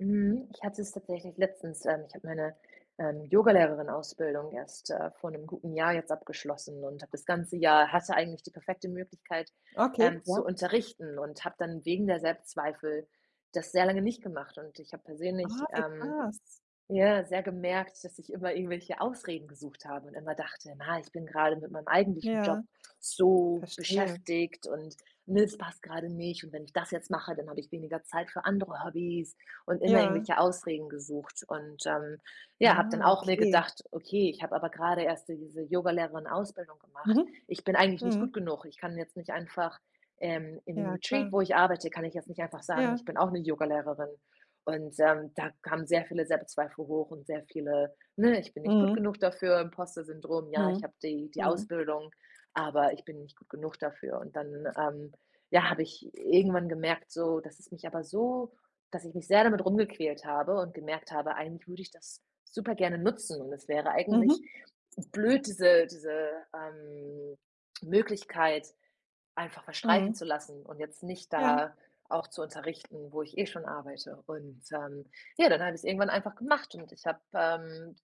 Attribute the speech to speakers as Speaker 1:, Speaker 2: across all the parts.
Speaker 1: Mhm. Ich hatte es tatsächlich letztens. Ähm, ich habe meine, ähm, Yogalehrerin-Ausbildung erst, äh, vor 'nem guten Jahr jetzt abgeschlossen und hab das ganze Jahr hatte eigentlich die perfekte Möglichkeit,
Speaker 2: Okay,
Speaker 1: ähm, zu
Speaker 2: ja.
Speaker 1: unterrichten und habe dann wegen der Selbstzweifel das sehr lange nicht gemacht. Und ich habe
Speaker 2: Ah,
Speaker 1: persönlich,
Speaker 2: wie
Speaker 1: ähm,
Speaker 2: krass.
Speaker 1: ja, sehr gemerkt, dass ich immer irgendwelche Ausreden gesucht habe und immer dachte: „Na, ich bin gerade mit meinem eigentlichen
Speaker 2: Ja.
Speaker 1: Job so
Speaker 2: Verstehe.
Speaker 1: beschäftigt und, ne, das passt gerade nicht, und wenn ich das jetzt mache, dann habe ich weniger Zeit für andere Hobbys“, und immer
Speaker 2: Ja.
Speaker 1: irgendwelche Ausreden gesucht und, ähm, ja, habe dann
Speaker 2: Ah.
Speaker 1: auch mir
Speaker 2: Okay.
Speaker 1: gedacht: „Okay, ich habe aber gerade erst so diese Yogalehrerinnen-Ausbildung gemacht.
Speaker 2: Mhm.
Speaker 1: Ich bin eigentlich nicht gut
Speaker 2: Mhm.
Speaker 1: genug. Ich kann jetzt nicht einfach, ähm in dem
Speaker 2: Ja.
Speaker 1: Retreat,
Speaker 2: Klar.
Speaker 1: wo ich arbeite, kann ich jetzt nicht einfach sagen:
Speaker 2: Ja.
Speaker 1: „Ich bin auch 'ne Yogalehrerin.“ Und, ähm, da kamen sehr viele Selbstzweifel hoch und sehr viele, ne, „ich bin nicht gut
Speaker 2: Mhm.
Speaker 1: genug dafür", Imposter-Syndrom: Ja, ich
Speaker 2: Mhm.
Speaker 1: habe die die
Speaker 2: Mhm.
Speaker 1: Ausbildung, aber ich bin nicht gut genug dafür. Und dann, ähm, ja, habe ich irgendwann gemerkt so, dass es mich aber so dass ich mich sehr damit rumgequält habe und gemerkt habe, eigentlich würde ich das super gerne nutzen. Und das wäre eigentlich
Speaker 2: Mhm.
Speaker 1: blöd, diese diese, ähm, Möglichkeit einfach verstreichen zu
Speaker 2: Mhm.
Speaker 1: lassen und jetzt nicht
Speaker 2: Ja.
Speaker 1: da auch zu unterrichten, wo ich eh schon arbeite. Und, ähm, ja, dann habe ich es irgendwann einfach gemacht und ich hab, ähm,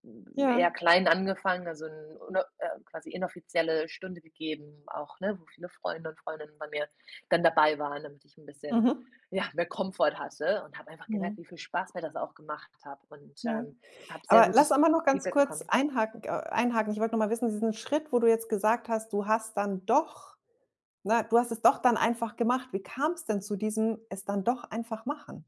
Speaker 1: eher
Speaker 2: Ja.
Speaker 1: klein angefangen, also 'n ne, äh, quasi inoffizielle Stunde gegeben auch, ne, wo viele Freunde und Freundinnen bei mir dann dabei waren, damit ich 'n bisschen,
Speaker 2: Mhm.
Speaker 1: ja, mehr Komfort hatte, und habe einfach gemerkt,
Speaker 2: Mhm.
Speaker 1: wie viel Spaß mir das auch gemacht habe und,
Speaker 2: Ja.
Speaker 1: ähm, habe sehr
Speaker 2: Aber lass
Speaker 1: gutes
Speaker 2: einmal nur ganz
Speaker 1: Feedback
Speaker 2: kurz
Speaker 1: bekommen.
Speaker 2: einhaken, k einhaken. Ich wollte noch mal wissen, diesen Schritt, wo du jetzt gesagt hast, du hast dann doch, ne, du hast es doch dann einfach gemacht. Wie kam's denn zu diesem „es dann doch einfach machen“?